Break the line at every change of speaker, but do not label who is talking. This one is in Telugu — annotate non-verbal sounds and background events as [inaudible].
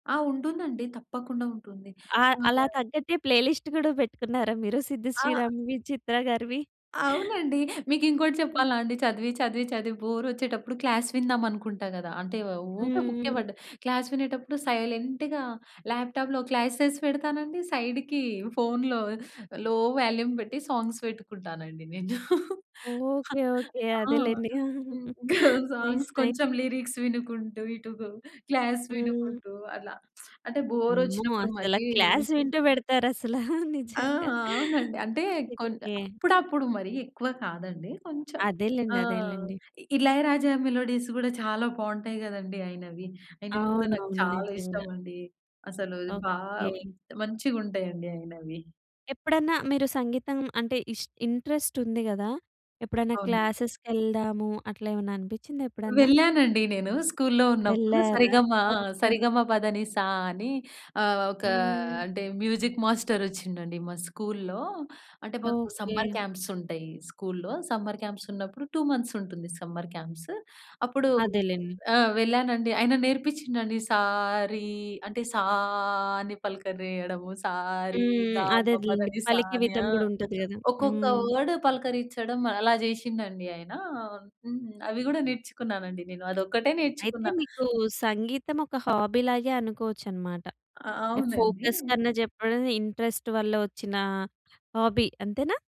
ఆ! ఉంటుందండి. తప్పకుండా ఉంటుంది.
ఆహ్, అలా
[unintelligible]
తగ్గట్టే ప్లే లిస్ట్ కూడా పెట్టుకున్నారా మీరు సిద్
ఆ!
శ్రీరామ్‌వి, చిత్ర గారివి?
అవునండి. మీకు ఇంకోటి
హ్మ్.
చెప్పాలా అండి? చదివి, చదివి, చదివి బోర్ ఒచ్చేటప్పుడు క్లాస్ విందాం అనుకుంటా గద. అంటే ఊకే బుక్కె
హుహు.
పడ్డ క్లాస్ వినేటప్పుడు సైలెంట్‌గా ల్యాప్టాప్‌లో క్లాసస్ పెడతానండి సైడ్‌కి ఫోన్‌లో లో వాల్యూమ్ పెట్టి సాంగ్స్ పెట్టుకుంటానండి నేను.
Okay,
[chuckles]
okay.
ఆ!
అదేలెండి.
హ్మ్, గా
[giggles] నైస్
సాంగ్స్
నై
కొంచెం లిరిక్స్ వినుకుంటూ, ఇటు గు క్లాస్
హ్మ్.
వినుకుంటూ అలా [smacks lips] అంటే బోర్
అమ్మో!
ఒచ్చినప్పుడు మరీ
అసల క్లాస్ వింటూ పెడతారు అసల
ఆ! ఆ!
నిజంగా.
అవునండి. అంటే కొంచ్
ఓకె.
అప్పుడప్పుడు మరి ఎక్కువ కాదండి కొంచెం
అదేలెండి,
ఆహ్,
అదేలెండి.
ఇళయరాజా మెలోడీస్ కూడా చాలా బాగుంటాయి కదండీ! ఆయినవి. అయినవి కూడా నాకు
అవునవును
చాలా
నిజంగా.
ఇష్టం అండి. అసలు బా
ఓకె.
మంచిగుంటయండి ఆయినవి.
ఎప్పుడన్నా మీరు సంగీతం అంటే ఇస్ ఇంట్రెస్ట్ ఉంది గదా! ఎప్పుడన్నా
అవునండి.
క్లాసెస్‌కెళ్దాము అట్లా ఏమన్నా అనిపించిందా ఎప్పుడన్నా?
వెళ్ళానండి నేను స్కూల్‌లో ఉన్నప్పుడు
వెళ్లారా?
సరిగమ ఆ!
ఓకె. ఓకె.
సరిగమపదనిసా అని ఆహ్, ఒక
హ్మ్.
అంటే మ్యూజిక్ మాస్టర్ వచ్చిండండి మా స్కూలులో అంటే మాకు
ఓకె.
సమ్మర్ క్యాంప్స్ ఉంటాయి స్కూలులో సమ్మర్ క్యాంప్స్ ఉన్నప్పుడు 2 మంత్స్ ఉంటుంది సమ్మర్ క్యాంప్స్. అప్పుడు
అదేలెండి.
ఆ! వెళ్ళానండి ఆయన నేర్పించిండండి సా రీ అంటే సా అని పలకరీయడము సా రి
హ్మ్.
గా మ
అదే. అదేలెండి.
పదనిసా
పలికే
అని.
విధం
ఆ!
కూడా ఉంటది గదా!
ఒక్కొక్క
హ్మ్.
వర్డ్ పలకరించడం అలా చేశిండండి ఆయనా హ్మ్. అవి కూడా నేర్చుకున్నానండి నేను అది ఒక్కటే
అయితే
నేర్చుకున్న.
మీకు సంగీతం ఒక హాబీ లాగే అనుకోవచ్చన్నమాట.
అ
అంటే
అవునండి.
ఫోకస్‌‌కన్నా చెప్పడం, ఇంట్రెస్ట్ వల్ల వచ్చిన హాబీ. అంతేనా?